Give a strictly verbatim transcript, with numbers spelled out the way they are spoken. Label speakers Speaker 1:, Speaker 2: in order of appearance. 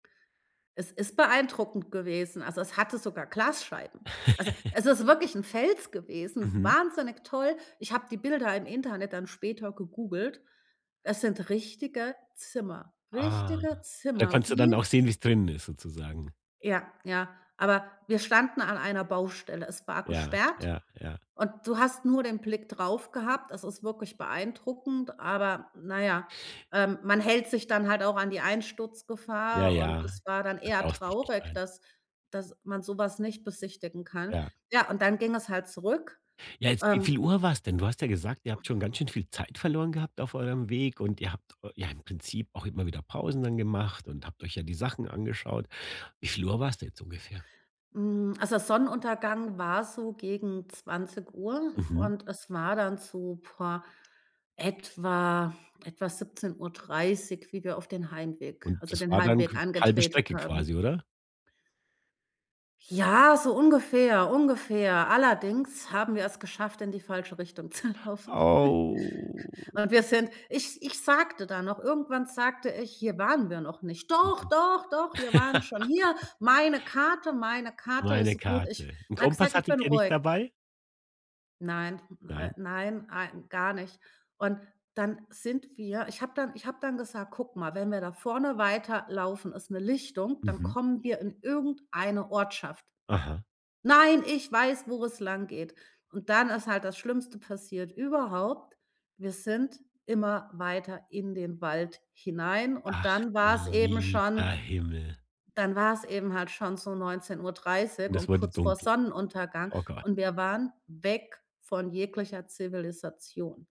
Speaker 1: Es ist beeindruckend gewesen. Also, es hatte sogar Glasscheiben. Also, es ist wirklich 'n Fels gewesen,
Speaker 2: Mhm.
Speaker 1: wahnsinnig toll. Ich habe die Bilder im Internet dann später gegoogelt. Es sind richtige Zimmer,
Speaker 2: Ah,
Speaker 1: richtige
Speaker 2: da
Speaker 1: Zimmer.
Speaker 2: konntest du dann auch
Speaker 1: Wir
Speaker 2: sehen, wie's drinnen ist sozusagen.
Speaker 1: Ja, ja, aber wir standen an einer Baustelle. Es war
Speaker 2: Ja,
Speaker 1: gesperrt
Speaker 2: ja, ja.
Speaker 1: und du hast nur den Blick drauf gehabt. Es ist wirklich beeindruckend, aber na ja, ähm, man hält sich dann halt auch an die
Speaker 2: Ja,
Speaker 1: Einsturzgefahr und
Speaker 2: Ja,
Speaker 1: es war dann eher
Speaker 2: vorsichtig
Speaker 1: traurig,
Speaker 2: sein.
Speaker 1: dass dass man so was nicht besichtigen kann.
Speaker 2: Ja.
Speaker 1: Ja, und dann ging es halt zurück,
Speaker 2: Ja, jetzt wie
Speaker 1: ähm
Speaker 2: viel Uhr war's denn? Du hast ja gesagt, ihr habt schon ganz schön viel Zeit verloren gehabt auf eurem Weg und ihr habt eu ja im Prinzip auch immer wieder Pausen dann gemacht und habt euch ja die Sachen angeschaut. Wie viel Uhr war's denn jetzt ungefähr?
Speaker 1: Hm, also Sonnenuntergang war so gegen zwanzig Uhr
Speaker 2: Mhm.
Speaker 1: und es war dann so, puh, etwa etwa siebzehn Uhr dreißig, wie wir auf den Heimweg
Speaker 2: Und
Speaker 1: also
Speaker 2: das
Speaker 1: den
Speaker 2: war dann
Speaker 1: Heimweg
Speaker 2: qu halbe
Speaker 1: angetretet
Speaker 2: Strecke
Speaker 1: haben.
Speaker 2: quasi, oder?
Speaker 1: Ja, so ungefähr, ungefähr. Allerdings haben wir es geschafft, in die falsche Richtung zu laufen.
Speaker 2: Oh.
Speaker 1: Und wir sind ich ich sagte dann noch irgendwann sagte ich: „Hier waren wir noch nicht.“ „Doch,
Speaker 2: Mhm.
Speaker 1: doch, doch, wir waren schon hier. Meine Karte, meine Karte
Speaker 2: Meine
Speaker 1: ist gut.“ Ich
Speaker 2: Karte. 'N
Speaker 1: [unintelligible]
Speaker 2: Kompass
Speaker 1: sage, „ich bin
Speaker 2: hattet ihr nicht
Speaker 1: ruhig“.
Speaker 2: dabei?
Speaker 1: Nein, äh,
Speaker 2: Nein.
Speaker 1: nein, ne nein ein gar nicht. Und dann sind wir ich habe dann ich habe dann gesagt: „Guck mal, wenn wir da vorne weiterlaufen, ist 'ne Lichtung, dann
Speaker 2: Mhm.
Speaker 1: kommen wir in irgendeine Ortschaft.“
Speaker 2: Aha.
Speaker 1: „Nein, ich weiß, wo es langgeht“. Und dann ist halt das Schlimmste passiert überhaupt, wir sind immer weiter in den Wald hinein und
Speaker 2: Ach,
Speaker 1: dann
Speaker 2: du
Speaker 1: war's eben
Speaker 2: lieber
Speaker 1: schon
Speaker 2: Himmel.
Speaker 1: dann war es eben halt schon so neunzehn Uhr dreißig
Speaker 2: Und es
Speaker 1: und
Speaker 2: wurde
Speaker 1: kurz vor
Speaker 2: dunkel.
Speaker 1: Sonnenuntergang
Speaker 2: Oh Gott.
Speaker 1: und wir waren weg von jeglicher Zivilisation.